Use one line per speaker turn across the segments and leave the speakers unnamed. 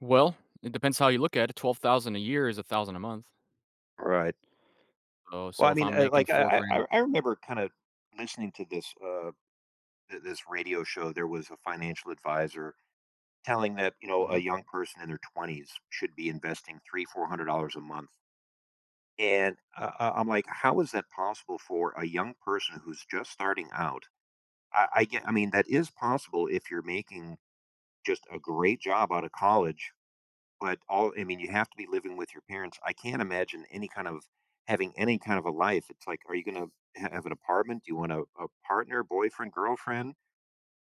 Well, it depends how you look at it, 12,000 a year is 1,000 a month.
Right.
Oh,
Well,
so
I
if
mean,
I'm
uh,
making
like,
four
uh, I
grand a
I I remember kinda listening to this, uh, th this radio show; there was a financial advisor telling that, you know, a
Mhm.
young person in their 20s should be investing $300 - $400 a month. And I I I'm like, "How is that possible for a young person who's just starting out?" I I get I mean, that is possible if you're making just a great job out of college, but all I mean, you have to be living with your parents, I can't imagine any kind of having any kind of a life, it's, like, are you gonna have have an apartment? Do you want a a partner, boyfriend, girlfriend?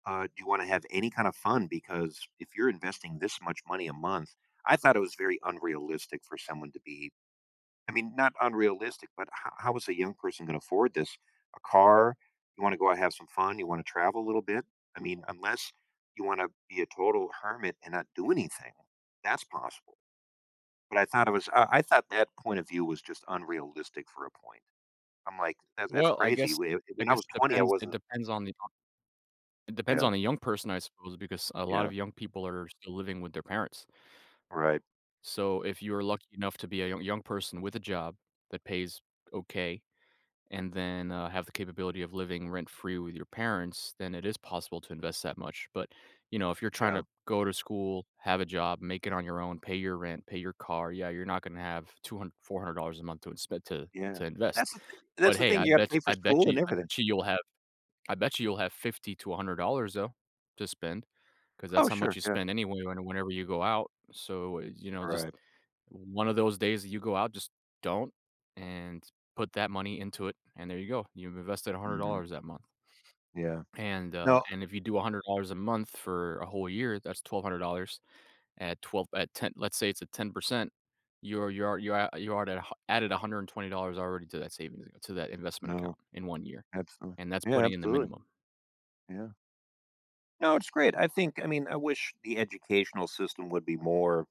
Uh, do you wanna have any kind of fun? Because if you're investing this much money a month I thought it was very unrealistic for someone to be I mean, not unrealistic, but h how is a young person gonna afford this? A car? You wanna go and have some fun? You wanna travel a little bit? I mean, unless you wanna be a total hermit and not do anything. That's possible. But I thought it was I I thought that point of view was just unrealistic for a point. I'm like, "That's that's
Well, I
crazy,
guess
whe
I
when I
guess
was
it
20, I
depends it
wasn't"
depends on the, uh it depends
Yeah.
on the young person, I suppose, because a lot of
Yeah.
young people are still living with their parents.
Right.
So, if you're lucky enough to be a yo young person with a job that pays okay, and then, uh, have the capability of living rent-free with your parents, then it is possible to invest that much, but you know, if you're trying
Yeah.
to go to school, have a job, make it on your own, pay your rent, pay your car, yeah, you're not gonna have two hund $400 a month to spend to
Yeah,
to invest.
that's the thin that's
But
the
hey,
thing,
I
you gotta
bet
pay for
I bet
school
you
and
I
everything.
bet you you'll have I bet you you'll have $50 to $100, though, to spend. 'Cause that's
Oh,
how much
sure,
you
yeah.
spend anyway on a whenever you go out. So, eh, you know, just
Right.
o one of those days that you go out, just don't and put that money into it, and there you go; you've invested a hundred
Mhm.
dollars that month.
Yeah.
And, uh,
No
and if you do $100 a month for a whole year, that's $1,200 at twelve at ten let's say it's a 10%. You're you're you're a you're already ha added $120 already to that savings a to that investment account
No.
in 1 year.
Absolu
And that's
Yeah,
putting in the
absolutely.
minimum.
Yeah. No, it's great, I think I mean, I wish the educational system would be more